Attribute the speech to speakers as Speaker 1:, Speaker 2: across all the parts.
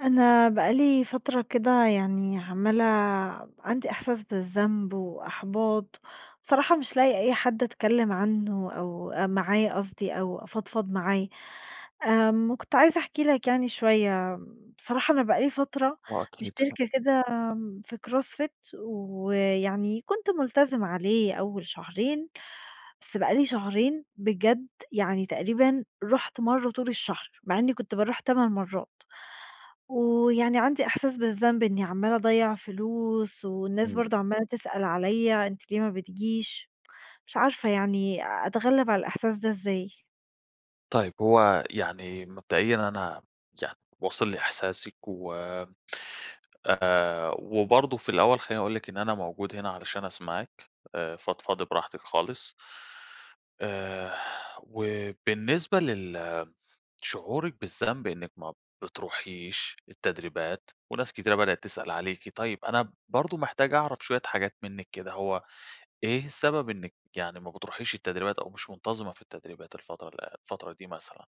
Speaker 1: أنا بقى لي فترة كده يعني عمّالة ب عندي إحساس بالذنب وإحباط، صراحة مش لَاقية أي حد أتكلّم عنّه أو أ معاه قصدي أو أفضفض معاه، آمم وكنت عايزة أحكي لَك يعني شويّة، بصراحة أنا بقى لي فترة
Speaker 2: آه أكيد، ف
Speaker 1: مشتركة كده آمم في CrossFit ويعني كُنت ملتزمة عليه أوّل شهرين، بس بقى لي شهرين بجد يعني تقريبًا رُحت مرّة طول الشهر مع إنّي كُنت باروح 8 مرّات. ويعني عندي إحساس بالذنب إنّي عمالة أضيع فلوس، والناس
Speaker 2: امم.
Speaker 1: برضه عمالة تسأل عليَّ أنتِ ليه ما بتجيش، مش عارفة يعني أتغلّب على الإحساس ده إزاي؟
Speaker 2: طيب هو يعني مبدئيًا أنا يا واصل لي إحساسِك، و آآ، وبرضه في الأوّل خلّيني أقول لِك إن أنا موجود هنا علشان أسمعِك، فضفضي براحتِك خالص. آآ وبالنسبة لل شعورِِك بالذنب إنّك ما بتروحيش التدريبات، وناس كتيرة بدأت تسأل عليكِ، طيّب أنا برضه محتاج أعرف شويّة حاجات مِنّك كده هو إيه السبب إنِّك يعني ما بتروحيش التدريبات، أو مش مُنتظمة في التدريبات الفترة ال أ الفترة دي مثلًا؟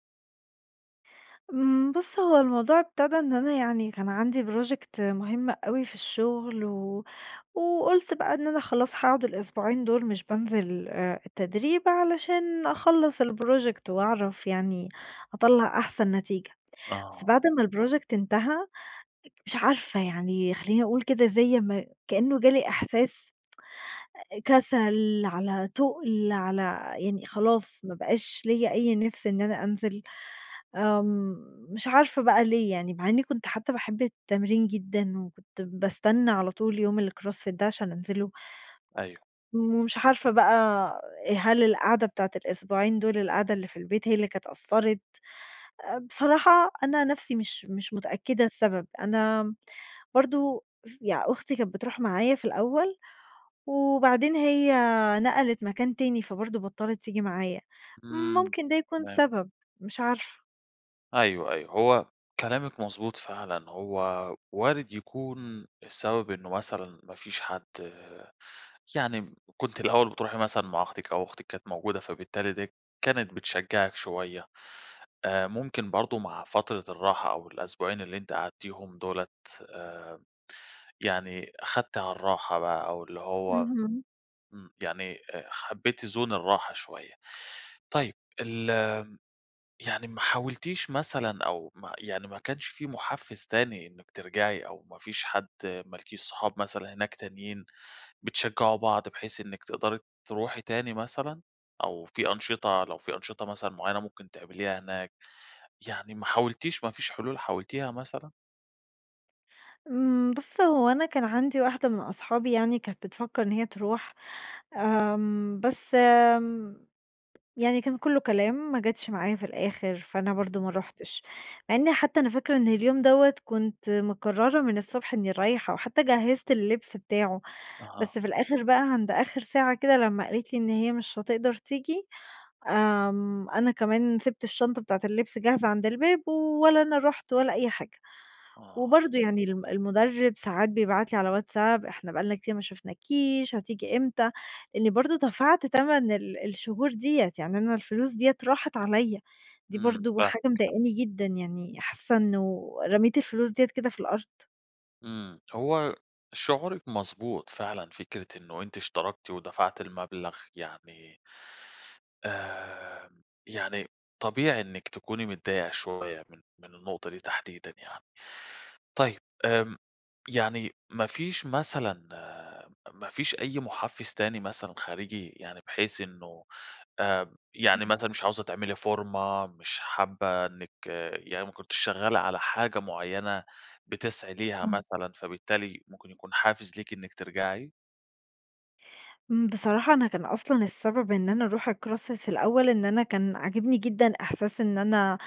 Speaker 1: امم بُص هو الموضوع ابتدى إن أنا، يعني كان عندي project مهم أوي في الشغل، و وقُلت بقى إن أنا خلاص هاقعد الأسبوعين دول مش بانزل آآ التدريب، علشان أخلّص الproject وأعرف يعني أطلّع أحسن نتيجة، بس
Speaker 2: آه.
Speaker 1: بعد ما الproject انتهى، مش عارفة يعني خلّيني أقول كده زي ما كأنه جالي إحساس كسل، على تقل على يعني خلاص ما بقاش ليَّ أي نِفس إن أنا أنزل، آمم مش عارفة بقى ليه يعني، مع إني كنت حتى باحب التمرين جدًا، وكنت باستنى على طول يوم الcross fit ده عشان أنزله
Speaker 2: أيوه.
Speaker 1: ومش عارفة بقى هل القعدة بتاعة الأسبوعين دول، القعدة اللي في البيت، هي اللي كانت أثّرت. آآ بصراحة أنا نَفسي مش مش متأكدة السبب، أنا برضه ي أختي كانت بتروح معايا في الأول، وبعدين هي نقلت مكان تاني، فبرضه بطّلت تيجي معايا،
Speaker 2: إمم
Speaker 1: ممكن ده يكون
Speaker 2: تمام.
Speaker 1: سبب مش عارفة.
Speaker 2: أيوه، أيوه، هو كلامِك مضبوط فعلًا، هو وارد يكون السبب إنه مثلًا ما فيش حد يعني كنت الأول بتروحي مثلًا مع أختِك أو أختِك كانت موجودة، فبالتالي دي كانت بتشجّعك شوية، آآ ممكن برضه مع فترة الراحة أو الأسبوعين اللي أنتِ قعدتيهم دُولة، آآ يعني خدتِ على الراحة بقى أو اللي هو
Speaker 1: اهم.
Speaker 2: امم يعني آآ خبّيتِ زون الراحة شوية. طيب ال يعني ما حاولتيش مثلًا، أو ما يعني ما كانش فيه محفّز تاني إنِّك ترجعي، أو ما فيش حد مالكيش صحاب مثلًا هناك تانيين بتشجعوا بعض، بحيث إنِّك تقدري تروحي تاني مثلًا، أو في أنشطة لو في أنشطة مثلًا معيّنة، ممكن تعمليها هناك، يعني ما حاولتيش ما فيش حلول حاولتيها مثلًا؟
Speaker 1: إمم، بُص هو أنا كان عندي واحدة من أصحابي يعني كانت بتفكر إن هي تروح، امم، بس امم، يعني كان كله كلام ما جاتش معايا في الآخر، فأنا
Speaker 2: امم.
Speaker 1: برضو ما رحتش. مع أني حتى أنا فاكرة إن اليوم دوّة كنت مقررة من الصبح إني رايحة، حتى جهزت اللبس بتاعه،
Speaker 2: أها.
Speaker 1: بس في الآخر بقى عند آخر ساعة كده لما قالت لي إن هي مش هتقدر تيجي، امم، أنا كمان سبت الشنطة بتاعة اللبس جاهزة عند الباب، ولا أنا رحت ولا أي حاجة.
Speaker 2: آه.
Speaker 1: وبرضه يعني ال المدرب ساعات بيبعت لي على واتساب "إحنا بقى لنا كتير ما شُفناكيش، هتيجي إمتى؟" لإني برضه دفعت تمن ال الشهور ديّة، يعني أنا الفلوس ديّة راحت عليا. دي
Speaker 2: إمم،
Speaker 1: برضه حاجة
Speaker 2: فاهمِك. [unintelligible]
Speaker 1: مضايقني جدًا، يعني حاسة إنه رميت الفلوس ديّة كده في الأرض.
Speaker 2: إمم، هو شعورِك مضبوط فعلًا، فكرة إنه أنت اشتركتِ ودفعتِ المبلغ يعني امم، يعني طبيعي إنِك تكوني متضايقة شوية من من النقطة دي تحديدًا يعني. طيب، امم، يعني ما فيش مثلًا ما فيش أي محفز تاني مثلًا خارجي؟ يعني بحيث إنه آآ، يعني
Speaker 1: [unintelligible]
Speaker 2: مثلًا مش عاوزة تعملي فورمة مش حابة إنِك يعني ما كنتيش شغالة على حاجة معينة بتسعي ليها
Speaker 1: امم.
Speaker 2: مثلًا فبالتالي ممكن يكون حافز ليكِ إنِك ترجعي؟
Speaker 1: امم، بصراحة، أنا كان أصلًا السبب إن أنا أروح الcross fit فى الأوّل إن أنا كان عاجبني جدًا إحساس إن أنا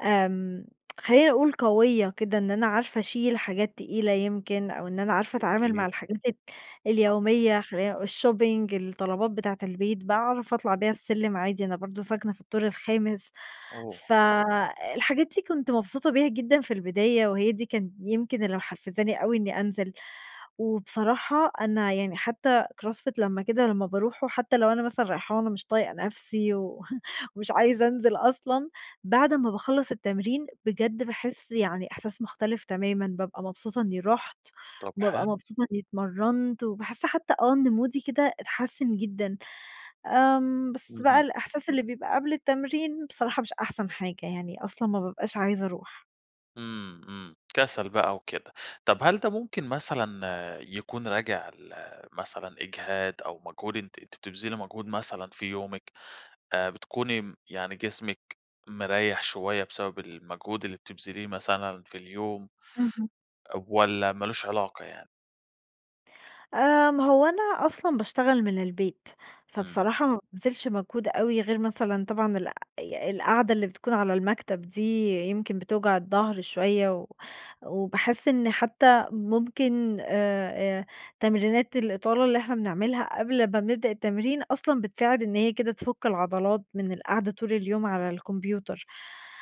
Speaker 1: آمم، خلّيني أقول قويّة كده، إن أنا عارفة أشيل حاجات تقيلة يمكن أو إن أنا عارفة أتعامل
Speaker 2: جميل.
Speaker 1: مع الحاجات
Speaker 2: [unintelligible]
Speaker 1: اليوميّة خلّيني اقو الshopping الطلبات بتاعة البيت، بأعرف أطلع بها السلم عادي أنا برضو ساكنة في الدور الخامس،
Speaker 2: اوه.
Speaker 1: فَالحاجات دي كنت مبسوطة بيها جدًا في البداية وهي دي كان يمكن اللى محفزاني أوي إنّي أنزل. وبصراحة أنا يعني حتّى cross fit لمّا كده لمّا باروحه وحتّى لو أنا مثلًا رايحاة وأنا مش طايقة نفسي و ومش عايزة أنزل أصلًا، بعد ما باخلص التمرين بجد باحس يعني إحساس مختلف تمامًا، بابقى مبسوطة إنّي رُحت
Speaker 2: طب،
Speaker 1: وبابقى
Speaker 2: حلو.
Speaker 1: مبسوطة إنّي اتمرنت، وباحس حتّى آه، إن مودي كده اتحسن جدًا. آمم، بس بقى
Speaker 2: اهم.
Speaker 1: الإحساس اللي بيبقى قبل التمرين بصراحة مش أحسن حاجة يعني أصلًا ما بابقاش عايزة أروح.
Speaker 2: امم، امم، كسل بقى وكده. طب، هل ده ممكن مثلًا يكون راجع لمثلًا إجهاد؟ أو مجهود أنتِ أنتِ بتبذلي موجهود مثلًا في يومِك؟ آآ، بتكوني يعني جسمِك مريح شويّة بسبب المجهود اللي بتبذليه مثلًا في اليوم؟
Speaker 1: اهم.
Speaker 2: والّا مالوش علاقة يعني؟
Speaker 1: آآ، ما هو أنا أصلًا باشتغل من البيت،
Speaker 2: إمم.
Speaker 1: فبصراحة ما بابذلش مجهود أوي غير مثلًا طبعًا الق ي القعدة اللي بتكون على المكتب دي يمكن بتوجع الضَّهر شويّة، و وباحس إن حتى ممكن آآ آآ تمرينات الإطالة اللي إحنا بنعملها قبل ما بنبدأ التمرين أصلًا، بتساعد إن هي كده تفُك العضلات من القعدة طول اليوم على الكمبيوتر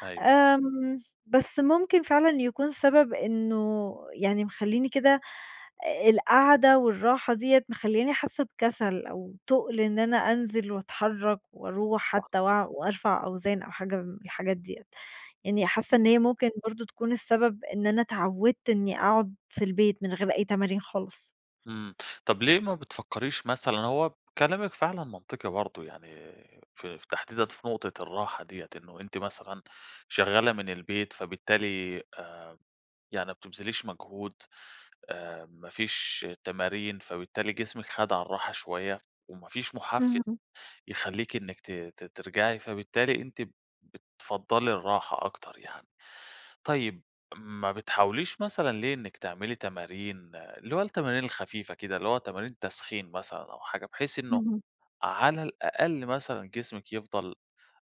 Speaker 2: أيوه.
Speaker 1: آمم، بس ممكن فعلًا يكون سبَب إنّه، يعني مخلّيني كده القاعدة والراحة دِيَّة مخلّياني حاسّة بكسل أو تُقل إن أنا أنزِل وأتحرّك وأرُوح
Speaker 2: صح.
Speaker 1: حتى وأ وأرفع أوزان أو حاجة من الحاجات دِيَّة، يعني حاسّة إن
Speaker 2: إمم.
Speaker 1: هي ممكن برضه تكون السبب إن أنا اتعوِّدت إني أقعد في البيت من غير أي تمارين خالص.
Speaker 2: امم. طَب ليه ما بتفكّريش مثلًا هو كلامِك فعلًا منطقي برضه يعني في في تحديدًا في نقطة الراحة دِيَّة، إنه أنتِ مثلًا شغّالة من البيت فبالتالي، آآ، يعني ما بتبذليش مجهود، أ ما فيش تمارين فبالتالي جسمِك خَد على الراحة شويّة وما فيش محفّز
Speaker 1: إمم.
Speaker 2: يخلّيكِ إنِّك ت ت ترجَعي، فبالتالي أنتِ بتفضَّلي الراحة أكتر يعني. طيب، ما بتحاوليش مثلًا ليه إنِّك تعملي تمارين، اللي هو التمارين الخفيفة كده، اللي هو تمارين تسخين مثلًا أو حاجة، بحيث إنّه
Speaker 1: اهم.
Speaker 2: على الأقل مثلًا جسمِك يفضَل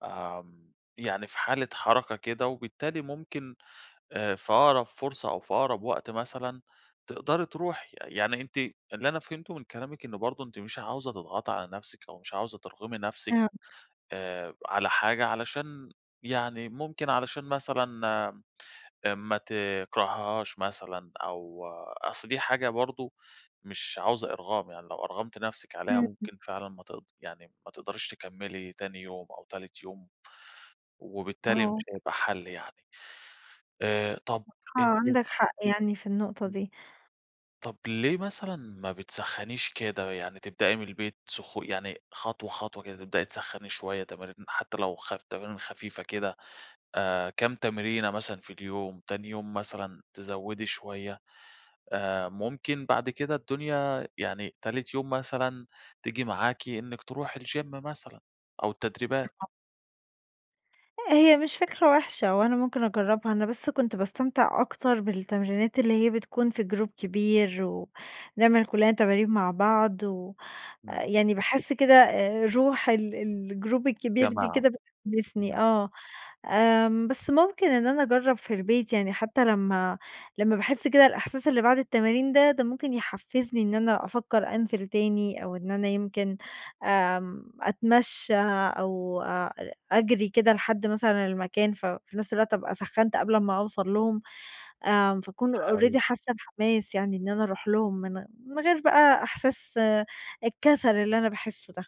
Speaker 2: آمم، يعني في حالة حركة كده وبالتالي ممكن أ في أقرَب فرصة أو في أقرَب وقت مثلًا تقدَري ترُوحي. يعني أنتِ، اللي أنا فهمته من كلامِك إنّه برضه أنتِ مش عاوزة تضغطي على نفسِك أو مش عاوزة ترغمي نفسِك
Speaker 1: آه.
Speaker 2: آآ على حاجة علشان، يعني ممكن علشان مثلًا أ ما تكرَهيهاش مثلًا أو، أصْل دي حاجة برضه مش عاوزة إرغام، يعني لو أَرغمتِ نفسِك عليها
Speaker 1: امم.
Speaker 2: ممكن فعلًا ما تق يعني ما تقدَريش تكمّلي تاني يوم أو تالت يوم، وبالتالي مش
Speaker 1: آه.
Speaker 2: هيبقى حَل يعني، آآ، طَب
Speaker 1: بصراحة
Speaker 2: أنتِ
Speaker 1: عندك حق يعني في النقطة
Speaker 2: إمم.
Speaker 1: دي.
Speaker 2: طَب ليه مثلًا ما بتسخّنيش كده، يعني تبدئي من البيت سخ يعني خطوة، خطوة كده، تبدئي تسخّني شويّة تمارين، حتى لو خ تمارين خفيفة كده، آآ كام تمرينة مثلًا في اليوم، تاني يوم مثلًا تزوّدي شويّة آآ، ممكن بعد كده الدنيا، يعني تالت يوم مثلًا تيجي معاكِ إنِّك ترُوحي الجيم مثلًا أو التدريبات؟
Speaker 1: [unintelligible] هي مش فكرة وِحشة وأنا ممكن أجرّبها، أنا بس كنت باستمتع أكتر بالتمرينات اللي هي بتكون في جروب كبير و نعمل كلّنا تمارين مع بعض، و
Speaker 2: إمم.
Speaker 1: يعني باحس كده آآ، روح ال الجروب الكبير دي
Speaker 2: جماعة.
Speaker 1: كده
Speaker 2: امم.
Speaker 1: بتحمّسني، آه، آمم، بس ممكن إن أنا أجرّب في البيت يعني، حتى لمّا لمّا باحس كده الإحساس اللي بعد التمارين ده، ده ممكن يحفّزني إن أنا أفكّر أنزِل تاني أو إن أنا يمكن آمم، أتمشّى أو أ أجري كده لحد مثلًا المكان ف في نفس الوقت أبقى سخّنت قبل ما أوصل لهم، آمم، فأكون
Speaker 2: حلو.
Speaker 1: already حاسّة بحماس يعني إن أنا أرُوح لهم من من غير بقى إحساس الكسل اللي أنا باحسه ده.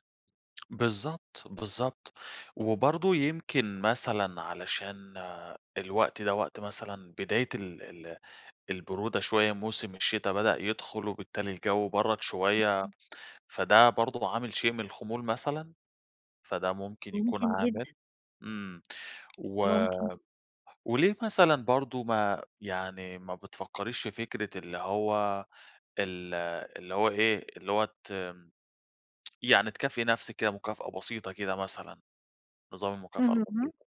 Speaker 2: بالضبط، بالضبط، وبرضه يمكن مثلًا علشان الوقت ده وقت مثلًا بداية ال ال البرودة شويّة، موسم الشتا بدأ يدخُل وبالتالي الجو برَّد شويّة،
Speaker 1: [unintelligible]
Speaker 2: فده برضه عامل شيء من الخمول مثلًا، فده ممكن يكون
Speaker 1: ممكن
Speaker 2: عامل؟
Speaker 1: جدًا.
Speaker 2: امم و
Speaker 1: ممكن.
Speaker 2: وليه مثلًا برضه، ما يعني ما بتفكّريش في فكرة اللي هو ال اللي هو إيه، اللي هو ت يعني تكافئي نفسِك كده مكافأة بسيطة كده مثلًا، نظام المكافأة
Speaker 1: اهم.
Speaker 2: البسيطة؟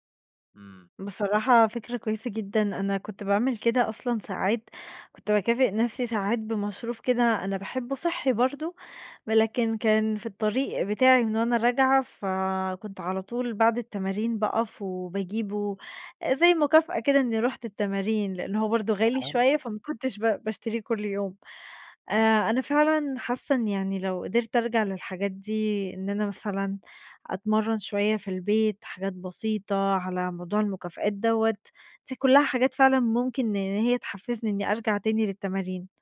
Speaker 2: امم.
Speaker 1: بصراحة فكرة كويّسة جدًا، أنا كنت باعمل كده أصلًا ساعات، كنت باكافئ نفسي ساعات بمشروب كده أنا باحبه صحّي برضه، ولكن كان في الطريق بتاعي من وأنا راجعة، فكنت على طول بعد التمارين باقف وباجيبه، زي مكافأة كده إني رُحت التمارين، لأن هو برضه
Speaker 2: ما
Speaker 1: غالي
Speaker 2: حلو.
Speaker 1: شوية فما كنتش ب باشتريه كل يوم،
Speaker 2: إمم.
Speaker 1: آآ أنا فعلًا حاسّة إن يعني لو قدِرت أرجَع للحاجات دي، إن أنا مثلًا أتمرّن شويّة في البيت، حاجات بسيطة على موضوع المكافآت دوّة، دي كُلّها حاجات فعلًا ممكن إن هي تحفّزني إني أرجَع تاني للتمارين.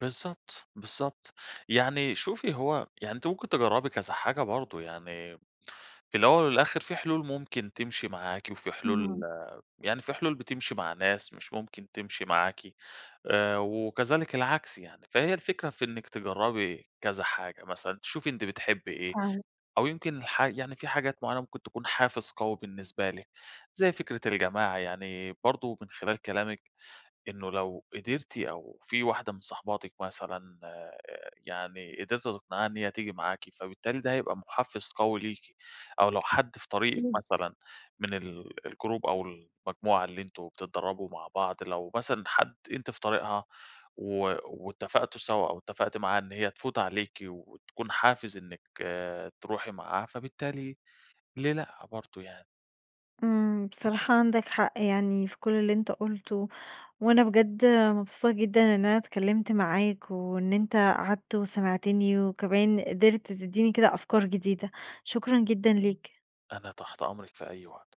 Speaker 2: بالضبط، بالضبط. يعني شوفي هو يعني أنتِ ممكن تجرّبي كذا حاجة برضو، يعني في الأوّل والآخر في حلول ممكن تمشي معاكِ وفي حلول
Speaker 1: اهم.
Speaker 2: آآ، يعني في حلول بتمشي مع ناس مش ممكن تمشي معاكِ آآ، وكذلك العكس يعني. فهي الفكرة في إنِك تجرّبي كذا حاجة، مثلًا تشوفي أنت بتحبي إيه
Speaker 1: فعلًا.
Speaker 2: أو يمكن الحا يعني في حاجات معيّنة ممكن تكون حافز قوي بالنسبة لِك، زي فكرة الجماعة يعني برضو من خلال كلامِك إنّه لو قدرتِ أو في واحدة من صاحباتِك مثلًا آآ، يعني قدرتِ تِقنعيها إن هي تيجي معاكِ، فبالتالي ده هيبقى محفز قوي ليكِ. أو لو حد في طريقِك
Speaker 1: [unintelligible]
Speaker 2: مثلًا من ال الجروب أو المجموعة اللي أنتم بتتدربوا مع بعض لو مثلًا حد أنتِ في طريقها و واتفقتوا سوا أو اتفقتِ معاها إن هي تفوت عليكِ وتكون حافز إنِّك آآ، تروحي معاها فبالتالي ليه لأ برضو يعني؟
Speaker 1: امم. بصراحة عندَك حق يعني في كل اللي أنتَ قُلته، وأنا بجد مبسوطة جدًا إن أنا اتكلّمت معاك وإن أنتَ قعدت وسمعتني وكمان قدرت تدّيني كده أفكار جديدة. شكرًا جدًا ليك.
Speaker 2: أنا تحت أمرِك في أي وقت.